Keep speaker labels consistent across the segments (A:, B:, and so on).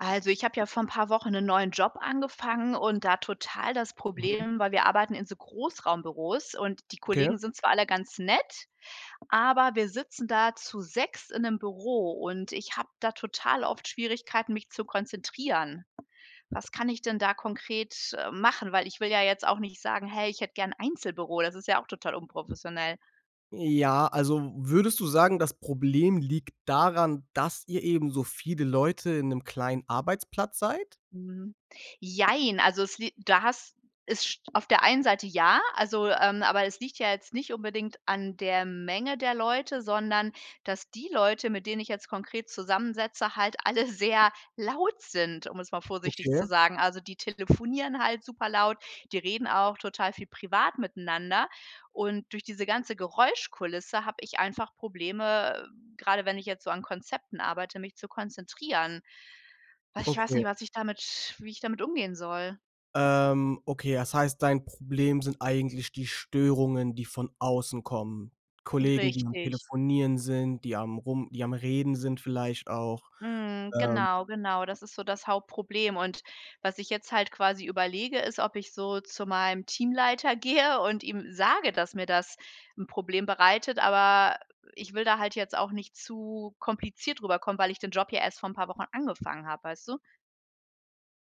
A: Also, ich habe ja vor ‘n paar Wochen 'nen neuen Job angefangen und da total das
B: Mhm.
A: Problem, weil wir arbeiten in so Großraumbüros und die
B: Okay.
A: Kollegen sind zwar alle ganz nett, aber wir sitzen da zu sechst in ‘nem Büro. Und, ich habe da total oft Schwierigkeiten, mich zu konzentrieren. Was kann ich denn da konkret, äh, machen? Weil, ich will ja jetzt auch nicht sagen: „Hey, ich hätte gerne 'n Einzelbüro“, das ist ja auch total unprofessionell.
B: Ja, also würdest du sagen, das Problem liegt daran, dass ihr eben so viele Leute in 'nem kleinen Arbeitsplatz seid?
A: Mhm. Jein. Also, es lie da hast ist auf der einen Seite ja, also, ähm, aber es liegt ja jetzt nicht unbedingt an der Menge der Leute, sondern, dass die Leute mit denen ich jetzt konkret zusammensitze halt alle sehr laut sind, um es mal vorsichtig zu
B: Okay.
A: sagen. Also, die telefonieren halt super laut, die reden auch total viel privat miteinander. Und, durch diese ganze Geräuschkulisse habe ich einfach Probleme, grade wenn ich jetzt so an Konzepten arbeite, mich zu konzentrieren. Ach, ich weiß
B: Okay.
A: nicht, was ich damit wie ich damit umgehen soll?
B: Ähm, okay. Das heißt, dein Problem sind eigentlich die Störungen, die von außen kommen. Kollegen, die am
A: Richtig.
B: Telefonieren sind, die am rum die am Reden sind, vielleicht auch,
A: Mhm.
B: ähm
A: Genau, genau. Das ist so das Hauptproblem und was ich jetzt halt quasi überlege, ist, ob ich so zu meinem Teamleiter gehe und ihm sage, dass mir das 'n Problem bereitet, aber ich will da halt jetzt auch nicht zu kompliziert rüber kommen, weil ich den Job ja erst vor 'n paar Wochen angefangen habe, weißt du?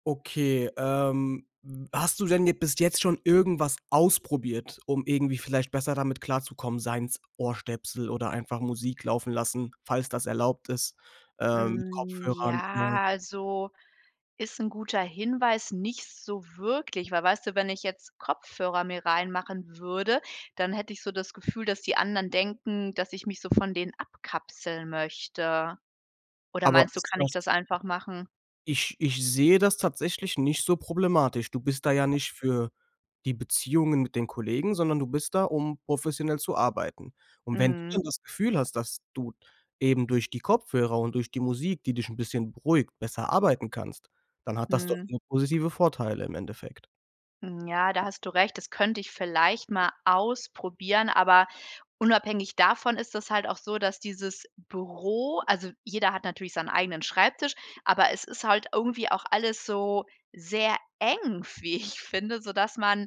B: Okay, ähm, hast du denn bis jetzt schon irgendwas ausprobiert, um irgendwie vielleicht besser damit klarzukommen, seien es Ohrstöpsel oder einfach Musik laufen lassen, falls das erlaubt ist, ähm, mit
A: Hm,
B: Kopfhörern? [unintelligible]
A: ja, also, ist 'n guter Hinweis. Nicht so wirklich, weil, weißt du, wenn ich jetzt Kopfhörer mir reinmachen würde, dann hätte ich so das Gefühl, dass die anderen denken, dass ich mich so von denen abkapseln möchte. Oder
B: Aber
A: meinst du,
B: ist
A: kann ich
B: das
A: das einfach machen?
B: Ich ich sehe das tatsächlich nicht so problematisch. Du bist da ja nicht für die Beziehungen mit den Kollegen, sondern du bist da, um professionell zu arbeiten. Und wenn du
A: Mhm.
B: dann das Gefühl hast, dass du eben durch die Kopfhörer und durch die Musik, die dich 'n bisschen beruhigt, besser arbeiten kannst, dann hat das doch
A: Mhm.
B: nur positive Vorteile im Endeffekt.
A: Ja, da hast du recht. Das könnte ich vielleicht mal ausprobieren. Aber unabhängig davon ist das halt auch so, dass dieses Büro also jeder hat natürlich seinen eigenen Schreibtisch, aber es ist halt irgendwie auch alles so sehr eng, f wie ich finde, sodass man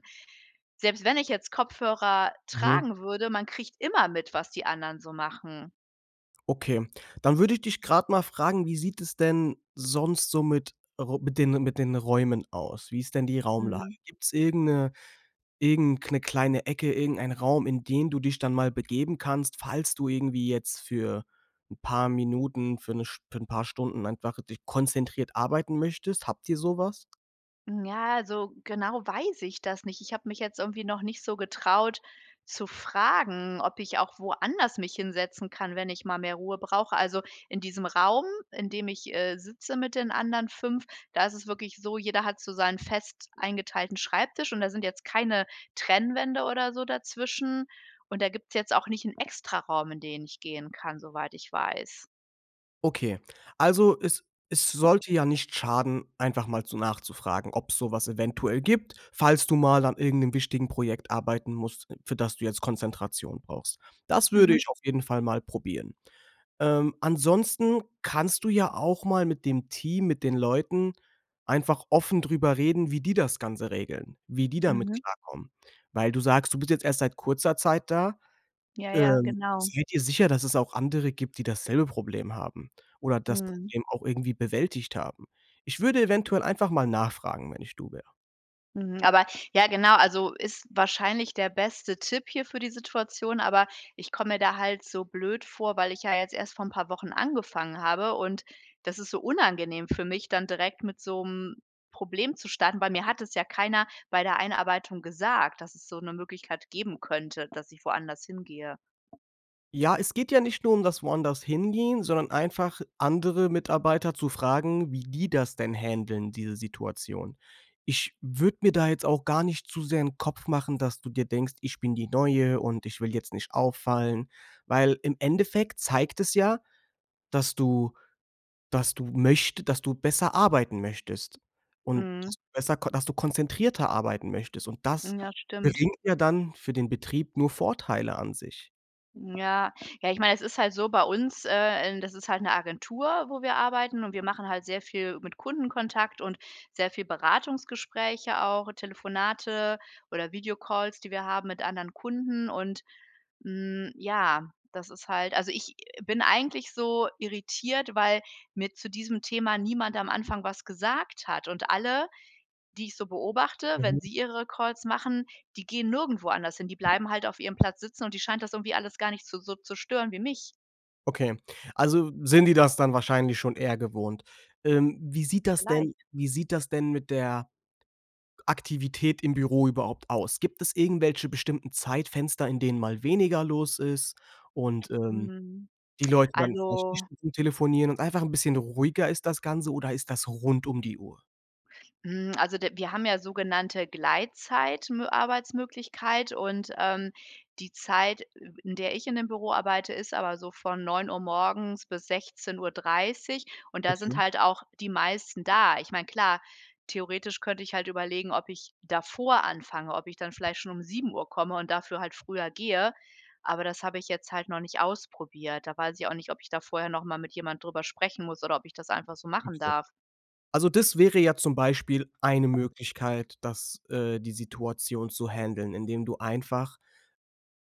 A: selbst wenn ich jetzt Kopfhörer
B: Mhm.
A: tragen würde, man kriegt immer mit, was die anderen so machen.
B: Okay, dann würde ich dich gerade mal fragen, wie sieht es denn sonst so mit ro mit den mit den Räumen aus? Wie ist denn die Raumlage?
A: Mhm.
B: Gibt's irgend 'ne irgend 'ne kleine Ecke, irgendeinen Raum, in den du dich dann mal begeben kannst, falls du irgendwie jetzt für ‘n paar Minuten für ‘ne Sch für ‘n paar Stunden einfach, dich konzentriert arbeiten möchtest, habt ihr sowas?
A: Hm, ja, so genau weiß ich das nicht. Ich habe mich jetzt irgendwie noch nicht so getraut zu fragen, ob ich auch woanders mich hinsetzen kann, wenn ich mal mehr Ruhe brauche. Also, in diesem Raum, in dem ich, äh, sitze mit den anderen 5, da ist es wirklich so, jeder hat so seinen fest eingeteilten Schreibtisch und da sind jetzt keine Trennwände oder so dazwischen. Und, da gibt's jetzt auch nicht ‘n Extraraum, in den ich gehen kann, soweit ich weiß.
B: Okay, also es es sollte ja nicht schaden, einfach mal so nachzufragen, ob‘s sowas eventuell gibt. Falls du mal an irgend 'nem wichtigen Projekt arbeiten musst, für das du jetzt Konzentration brauchst. Das würde
A: Mhm.
B: ich auf jeden Fall mal probieren. Ähm, ansonsten kannst du ja auch mal mit dem Team, mit den Leuten einfach offen drüber reden, wie die das Ganze regeln, wie die damit
A: Mhm.
B: klarkommen, weil du sagst, du bist jetzt erst seit kurzer Zeit da,
A: Ja, ja,
B: ähm,
A: genau.
B: sei dir sicher, dass es auch andere gibt, die dasselbe Problem haben oder das
A: Mhm.
B: Problem auch irgendwie bewältigt haben. Ich würde eventuell einfach mal nachfragen, wenn ich du wäre.
A: Mhm. Aber, ja genau. Also, ist wahrscheinlich der beste Tipp hier für die Situation. Aber ich komme mir da halt so blöd vor, weil ich ja jetzt erst vor 'n paar Wochen angefangen habe. Und das ist so unangenehm für mich dann, direkt mit so 'm Problem zu starten, weil mir hat das ja keiner bei der Einarbeitung gesagt, dass es so 'ne Möglichkeit geben könnte, dass ich woanders hin gehe.
B: Ja, es geht ja nicht nur um das woanders Hingehen, sondern einfach andere Mitarbeiter zu fragen, wie die das denn händeln, diese Situation. Ich würde mir da jetzt auch gar nicht zu sehr 'n Kopf machen, dass du dir denkst: „Ich bin die Neue und ich will jetzt nicht auffallen.“ Weil im Endeffekt zeigt es ja, dass du dass du möchte dass du besser arbeiten möchtest und dass
A: Mhm.
B: du besser ko dass du konzentrierter arbeiten möchtest. Und das
A: Hm, ja, stimmt.
B: bringt ja dann für den Betrieb nur Vorteile an sich.
A: Ja. Ja, ich meine, es ist halt so bei uns äh, ähm, das ist halt 'ne Agentur, wo wir arbeiten. Und wir machen halt sehr viel mit Kundenkontakt und sehr viel Beratungsgespräche auch, Telefonate oder Videocalls, die wir haben mit anderen Kunden und, hm, ja, das ist halt also, ich bin eigentlich so irritiert, weil mir zu diesem Thema niemand am Anfang was gesagt hat und alle, die ich so beobachte, wenn
B: Mhm.
A: sie ihre Calls machen, die gehen nirgendwo anders hin. Die bleiben halt auf ihrem Platz sitzen. Und die scheint das irgendwie alles gar nicht so so zu stören wie mich.
B: Okay, also sind die das dann wahrscheinlich schon eher gewohnt. Ähm, wie sieht das denn
A: Vielleicht.
B: wie sieht das denn mit der Aktivität im Büro überhaupt aus? Gibt es irgendwelche bestimmten Zeitfenster, in denen mal weniger los ist und, ähm,
A: Mhm.
B: die Leute dann vielleicht nicht
A: Also
B: Stunden telefonieren und einfach 'n bisschen ruhiger ist das Ganze, oder ist das rund um die Uhr?
A: Mhm. Also, der wir haben ja sogenannte Gleitzeit Mö Arbeitsmöglichkeit und, ähm, die Zeit, in der ich in dem Büro arbeite, ist aber so von 09:00 morgens bis 16:30. Und da
B: Okay.
A: sind halt auch die meisten da. Ich meine, klar, theoretisch könnte ich halt überlegen, ob ich davor anfange, ob ich dann vielleicht schon um 7:00 komme und dafür halt früher gehe. Aber das habe ich jetzt halt noch nicht ausprobiert. Da weiß ich auch nicht, ob ich da vorher noch mal mit jemand drüber sprechen muss oder ob ich das einfach so machen
B: Okay.
A: darf.
B: Also, des wäre ja zum Beispiel eine Möglichkeit, dass, äh, die Situation zu handeln, indem du einfach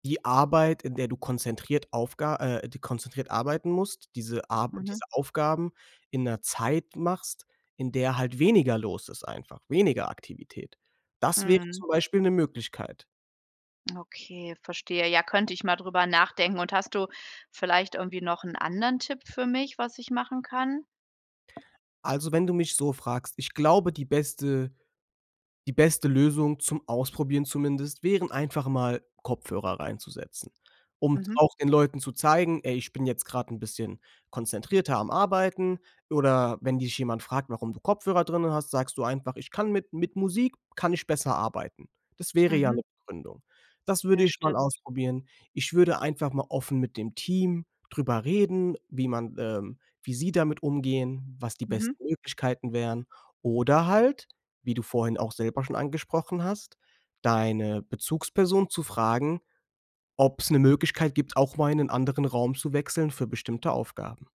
B: die Arbeit, in der du konzentriert Aufga äh, konzentriert arbeiten musst, diese Ar
A: Mhm.
B: diese Aufgaben in 'ner Zeit machst, in der halt weniger los ist einfach, weniger Aktivität. Das wäre
A: Mhm.
B: zum Beispiel 'ne Möglichkeit.
A: Okay, verstehe. Ja. Könnte ich mal drüber nachdenken. Und hast du vielleicht irgendwie noch 'n anderen Tipp für mich, was ich machen kann?
B: Also, wenn du mich so fragst, ich glaube, die beste die beste Lösung zum Ausprobieren zumindest, wären einfach mal Kopfhörer reinzusetzen, um
A: Mhm.
B: auch den Leuten zu zeigen: „Ey, ich bin jetzt gerade 'n bisschen konzentrierter am Arbeiten.“ Oder wenn dich jemand fragt, warum du Kopfhörer drinnen hast, sagst du einfach: „Ich kann mit mit Musik kann ich besser arbeiten.“ Das wäre ja
A: Mhm.
B: 'ne Begründung. Das würde
A: Ja,
B: ich mal
A: stimmt.
B: ausprobieren. Ich würde einfach mal offen mit dem Team drüber reden, wie man ähm, wie sie damit umgehen, was die
A: Mhm.
B: besten Möglichkeiten wären. Oder halt, wie du vorhin auch selber schon angesprochen hast, deine Bezugsperson zu fragen, ob's 'ne Möglichkeit gibt, auch mal in 'nen anderen Raum zu wechseln für bestimmte Aufgaben.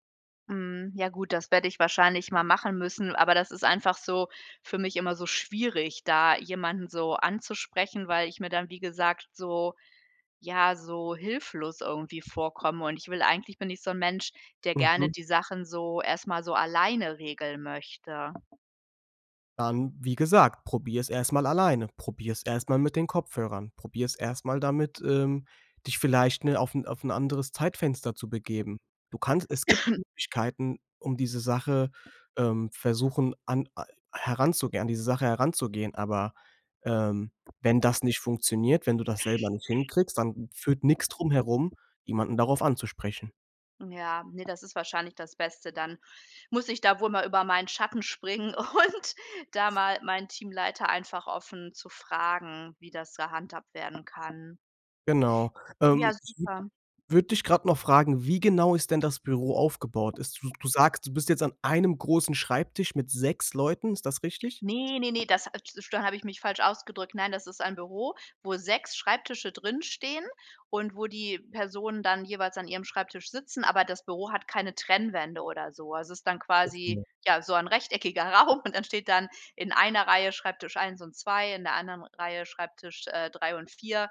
A: Mhm, ja, gut, das werde ich wahrscheinlich mal machen müssen. Aber das ist einfach so für mich immer so schwierig, da jemanden, so, anzusprechen, weil ich mir dann, wie gesagt so, ja, so hilflos irgendwie vorkomme und ich will eigentlich bin ich so 'n Mensch, der gerne
B: Mhm.
A: die Sachen so erstmal so alleine regeln möchte.
B: Dann, wie gesagt, probier's erstmal alleine, probier's erstmal mit den Kopfhörern, probier's erstmal damit, ähm, dich vielleicht, ne, auf 'n auf 'n anderes Zeitfenster zu begeben. Du kannst es gibt Möglichkeiten, um diese Sache, ähm, versuchen an a heranzugehen an diese Sache heranzugehen, aber, ähm, wenn das nicht funktioniert, wenn du das selber nicht hinkriegst, dann führt nix drumherum, jemanden darauf anzusprechen.
A: Ja, ne, das ist wahrscheinlich das Beste, dann muss ich da wohl mal über meinen Schatten springen und da mal meinen Teamleiter einfach offen zu fragen, wie das gehandhabt werden kann.
B: Genau.
A: Ja,
B: Ähm, ich
A: super.
B: würd würde dich gerade noch fragen, wie genau ist denn das Büro aufgebaut? Ist s du sagst, du bist jetzt an einem großen Schreibtisch mit 6 Leuten, ist das richtig?
A: Ne, ne, ne, das, ah, tsch dann habe ich mich falsch ausgedrückt. Nein, das ist ein Büro, wo 6 Schreibtische drin stehen und wo die Personen dann jeweils an ihrem Schreibtisch sitzen, aber das Büro hat keine Trennwände oder so. Also, ist dann
B: Ganz
A: quasi
B: genau.
A: ja, so ein rechteckiger Raum und dann steht dann in einer Reihe Schreibtisch 1 und 2, in der anderen Reihe Schreibtisch, äh, 3 und 4,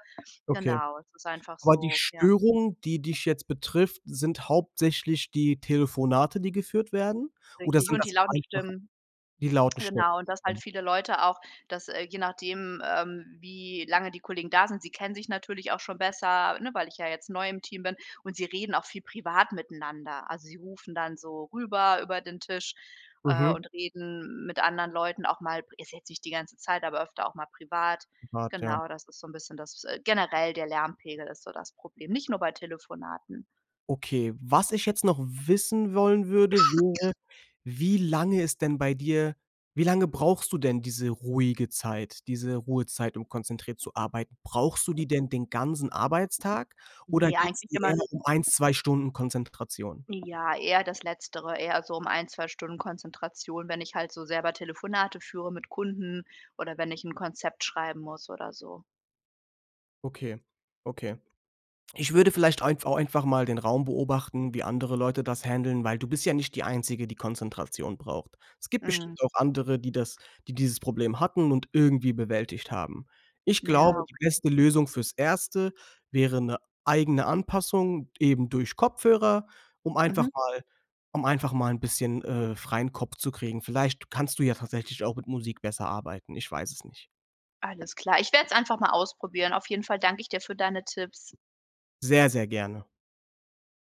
B: Okay.
A: genau, es ist einfach
B: Aber, die
A: so, ja.
B: Störung, die dich jetzt betrifft, sind hauptsächlich die Telefonate, die geführt werden oder
A: Richtig
B: sind
A: und die
B: das
A: lauten
B: einfach
A: Stimmen.
B: die lauten Stimmen?
A: Genau, und dass halt
B: [unintelligible]
A: viele Leute auch, dass, äh, je nachdem, ähm, wie lange die Kollegen da sind, sie kennen sich natürlich auch schon besser, ne, weil ich ja jetzt neu im Team bin und sie reden auch viel privat miteinander. Also, sie rufen dann so rüber über den Tisch, äh,
B: Mhm.
A: und reden mit anderen Leuten auch mal, ist jetzt nicht die ganze Zeit, aber öfter auch mal privat.
B: Privat, ja.
A: Genau, das ist so 'n bisschen das äh, generell der Lärmpegel ist so das Problem, nicht nur bei Telefonaten.
B: Okay. Was ich jetzt noch wissen wollen würde, wäre, wie lange ist denn bei dir wie lange brauchst du denn diese ruhige Zeit, diese Ruhezeit, um konzentriert zu arbeiten. Brauchst du die denn den ganzen Arbeitstag? Oder
A: Ne,
B: geht's
A: eigentlich
B: eher
A: immer
B: um 1, 2 Stunden Konzentration?
A: Ja, eher das letztere, eher so um 1, 2 Stunden Konzentration, wenn ich halt so selber Telefonate führe mit Kunden oder wenn ich 'n Konzept schreiben muss oder so.
B: Okay, Okay. Ich würde vielleicht einf auch einfach mal den Raum beobachten, wie andere Leute das handeln weil du bist ja nicht die Einzige, die Konzentration braucht. Es gibt bestimmt
A: Mhm.
B: auch andere, die das die dieses Problem hatten und irgendwie bewältigt haben. Ich
A: Ja,
B: glaube, die
A: okay.
B: beste Lösung fürs Erste wäre 'ne eigene Anpassung eben durch Kopfhörer, um einfach
A: Mhm.
B: mal um einfach mal 'n bisschen, äh, freien Kopf zu kriegen. Vielleicht kannst du ja tatsächlich auch mit Musik besser arbeiten. Ich weiß es nicht.
A: Alles klar. Ich werde es einfach mal ausprobieren. Auf jeden Fall danke ich dir für deine Tipps.
B: Sehr, sehr gerne.